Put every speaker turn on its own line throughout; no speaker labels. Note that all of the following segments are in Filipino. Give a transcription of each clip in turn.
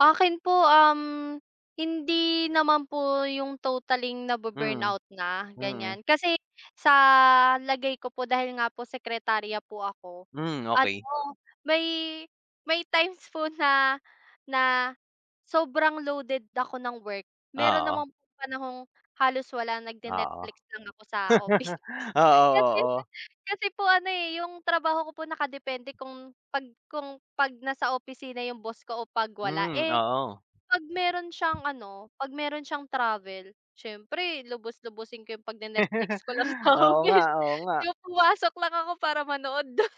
Akin po uhm, hindi naman po 'yung totaling
Hmm.
nabu-burnout na
Mm.
ganiyan. Kasi sa lagay ko po dahil nga po sekretarya po ako,
Hmm,
ano
okey.
may may times po na na sobrang loaded ako ng work, meron
Oo.
naman pong panahong halos wala
Oo.
nagne-Netflix lang ako sa office.
Oo,
Kasi
oo.
kasi po ano eh. yung trabaho ko po nakadepende kung pag kung pag nasa opisina yung boss ko o pag wala,
Hmm.
eh
Oo.
pag meron siyang ano pag meron siyang travel, siyempre lubus-lubusin ko 'yung pag ne Netflix ko lang sa
Oo nga.
office,
Oo nga.
yung pumasok lang ako para manood dun.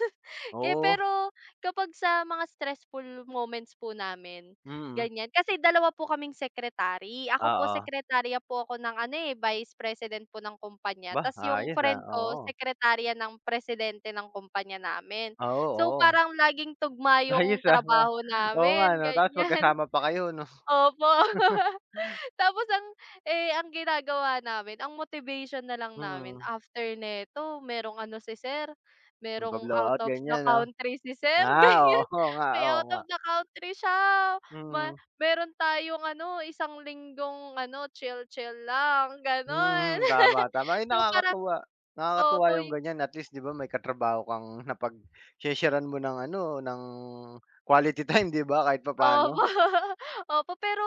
Eh
Oo.
pero kapag sa mga stressful moments po namin
Mm.
ganiyan, kasi dalawa po kaming secretary, ako po
Oo.
sekretarya po ako ng ano eh Vice President po ng kumpanya
Ba,
tapos yung
ayos ah.
friend ko
Oo.
sekretarya ng Presidente ng kompanya namin.
Oo.
So
Oo.
parang laging tugma yung
Ayos ah ba,
trabaho
oo nga
namin
'no tapos
ganiyan.
magkasama pa kayo 'no.
Opo. Tapos ang eh ang ginagawa namin, ang motivation na lang namin
Mm.
after neto merong ano si sir,
May pa
merong out
blowout
of the
ganiyan 'no
country si sir,
ah
ganiyan,
oo nga,
may
oo
out
nga.
of the country siya ma
Mhm.
meron tayong ano isang linggong ano chill-chill lang ganon.
Hmm. Tama, tama ay
So parang
nakakatuwa nakakatuwa
opo
yung
yung
ganiyan at least 'di ba may katrabaho kang napagse-share-an mo ng ano ng quality time 'di ba kahit
Opo,
papano.
opo pero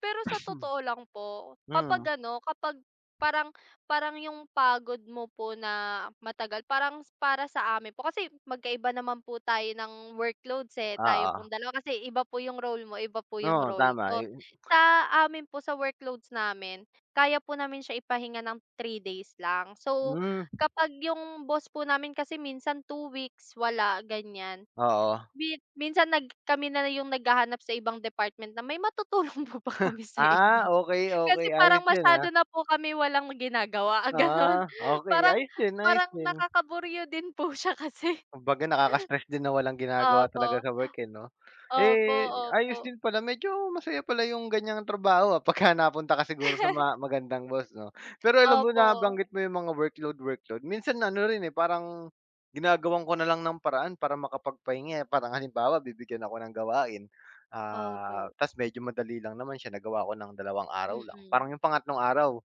pero sa totoo lang po,
Hmm.
kapag ano kapag parang parang 'yung pagod mo po na matagal parang para sa amin po kasi magkaiba naman po tayo ng workloads eh tayo
Oo.
pong dalawa. Kasi iba po yung role mo iba po yung
Oo,
role
tama
ko.
yu
Sa amin po sa workloads namin, kaya po namin siya ipahinga ng 3 days lang so
Hmm.
kapag yung boss po namin kasi minsan 2 weeks wala ganiyan.
Oo.
Mi minsan nag kami na 'yung naghahanap sa ibang department na, "May matutulong po ba kami sa inyo?"
Ah, okey,
Kasi
okey
parang
ayos yun,
masyado
ah.
na po kami walang ginagawa ganon
Ah okey,
parang
ayos din, ayos
parang
din.
nakakaburyo din po siya kasi.
Kumbaga nakaka-stress din na walang ginagawa talaga
Opo.
sa work eh 'no.
Opo,
Eh ayos
opo.
din pala medyo masaya pala 'yung ganiyang trabaho ah pagka napunta ka siguro sa mga magandang boss 'no. Pero alam mo
Opo.
nabanggit mo 'yung mga workload-workload minsan ano rin eh parang ginagawan ko na lang ng paraan para makapagpahinga eh. Parang halimbawa bibigyan ako ng gawain, ah
Opo.
tapos medyo madali lang naman siya nagawa ko ng dalawang araw lang
Mm.
parang 'yung pangatlong araw,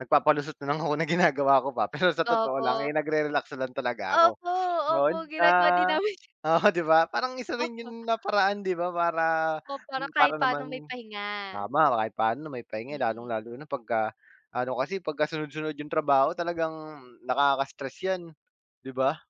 nagpapalusot na lang ako na ginagawa ko pa. Pero sa totoo lang eh
Opo.
nagre-relax lang talaga ako.
Opo, opo
'Yun
ginagawa din
ah
namin
oo 'di ba parang isa rin
Opo.
'yun na paraan 'di ba para
O para
para
kahit pano may
naman
pahinga.
tama kahit paano na may pahinga
Mm.
lalong-lalo na pagka ano kasi pagkasunod-sunod yung trabaho talagang nakaka-stress yan, 'di ba?